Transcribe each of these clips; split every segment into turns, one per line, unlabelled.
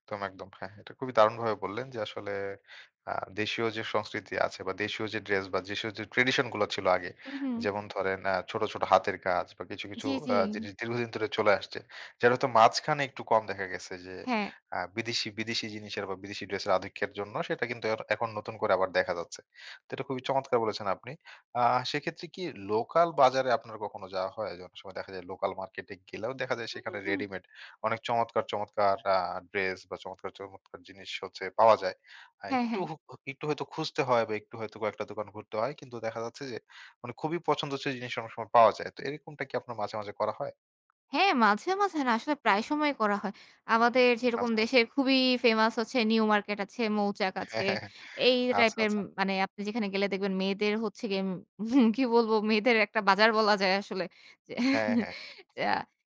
একদম, একদম। হ্যাঁ, এটা খুবই দারুণভাবে বললেন যে আসলে আ দেশীয় যে সংস্কৃতি আছে বা দেশীয় যে ড্রেস বা দেশীয় যে ট্রেডিশন গুলো ছিল আগে
হুম, হুম।
যেমন ধরেন আ ছোট, ছোট হাতের কাজ বা কিছু, কিছু
জি, জি।
আ জিনিস দীর্ঘদিন ধরে চলে আসছে। যেটা হয়তো মাঝখানে একটু কম দেখা গেছে যে
হ্যাঁ।
আ বিদেশি বিদেশি জিনিসের বা বিদেশি ড্রেসের আধিক্যের জন্য সেটা কিন্তু আর এখন নতুন করে আবার দেখা যাচ্ছে। তো এটা খুবই চমৎকার বলেছেন আপনি। আ সেক্ষেত্রে কি লোকাল বাজারে আপনার কখনো যাওয়া হয়? যে অনেক সময় দেখা যায় লোকাল মার্কেট এ গেলেও দেখা যায়
হুম, হুম,
সেখানে
হুম।
রেডিমেড অনেক চমৎকার, চমৎকার আ ড্রেস বা চমৎকার, চমৎকার জিনিস হচ্ছে পাওয়া যায়। আ
হ্যাঁ,
একটু
হ্যাঁ।
একটু হয়তো খুঁজতে হয় বা একটু হয়তো কয়েকটা দোকান ঘুরতে হয় কিন্তু দেখা যাচ্ছে যে মানে খুবই পছন্দ হচ্ছে জিনিস অনেক সময় পাওয়া যায়। তো এরকমটা কি আপনার মাঝে, মাঝে করা হয়?
হ্যাঁ, মাঝে, মাঝে না আসলে প্রায় সময় করা হয়। আমাদের যেরকম
আচ্ছা।
দেশের খুবই ফেমাস হচ্ছে নিউ মার্কেট আছে, মৌচাক আছে।
হ্যাঁ, হ্যাঁ, হ্যাঁ।
এই
আচ্ছা,
টাইপের
আচ্ছা।
মানে আপনি যেখানে গেলে দেখবেন মেয়েদের হচ্ছে গিয়ে কি বলব মেয়েদের একটা বাজার বলা যায় আসলে।
হ্যাঁ, হ্যাঁ।
আ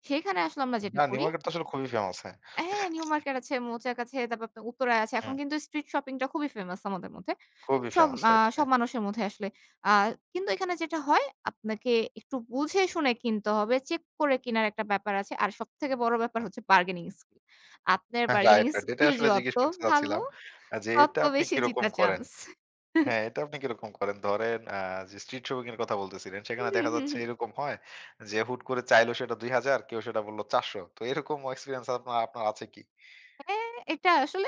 সেখানে আসলে আমরা যেটা
না, নিউ
করি
মার্কেট তো আসলে খুবই ফেমাস হ্যাঁ।
হ্যাঁ, নিউ মার্কেট আছে, মৌচাক আছে, তারপর আপনার উত্তরায় আছে। এখন
হ্যাঁ।
কিন্তু street shopping টা খুবই ফেমাস আমাদের মধ্যে।
খুবই
সব
ফেমাস।
আ
রাইট,
সব
হ্যাঁ।
মানুষের মধ্যে আসলে। আ কিন্তু এখানে যেটা হয় আপনাকে একটু বুঝে-শুনে কিনতে হবে। চেক করে কিনার একটা ব্যাপার আছে। আর সবথেকে বড় ব্যাপার
হুম।
হচ্ছে bargaining skill. আপনার
হ্যাঁ, রাইট,
bargaining
রাইট। এটাই
skill
আসলে
যত
জিজ্ঞেস করতে
ভালো
যাচ্ছিলাম আ যে
তত
এটা আপনি
বেশি
কিরকম
জিতার
করেন?
চান্স।
হ্যাঁ, এটা আপনি কিরকম করেন? ধরেন আ যে street shopping এর কথা বলতেছিলেন
হুম,
সেখানে
হুম,
দেখা
হুম,
যাচ্ছে
হুম।
এরকম হয় যে হুট করে চাইল সেটা ৳২,০০০ কেউ সেটা বলল ৳৪০০। তো এরকম এক্সপেরিয়েন্স আপনার আপনার আছে কি?
হ্যাঁ, এটা আসলে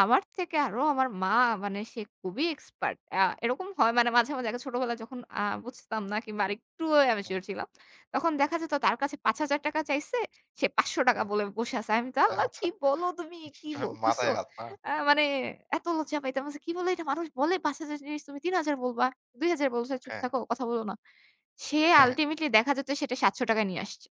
আমার থেকে আরো আমার মা মানে সে খুবই এক্সপার্ট। আ এরকম হয় মানে মাঝে, মাঝে, আগে ছোটবেলায় যখন আ বুঝতাম না কিংবা আরেকটু আমি
হুম।
ইমেচিউর ছিলাম। তখন দেখা যেত তার কাছে ৳৫০০০ টাকা চাইছে। সে ৳৫০০
হুম।
বলে বসে আছে। আমি তো, "আল্লাহ কি
আচ্ছা।
বললো তুমি কি
তো
বলতেছো?"
মাথায় হাত না?
আ মানে এত লজ্জা পাইতাম কি বলে এটা মানুষ বলে ৳৫০০০ এর জিনিস তুমি ৳৩,০০০ বলবা। ৳২,০০০ বলছে, "চুপ
হ্যাঁ।
থাকো, কথা বলো না।" সে
হ্যাঁ।
আল্টিমেটলি দেখা যেত সেটা ৳৭০০ টাকায় নিয়ে আসছে।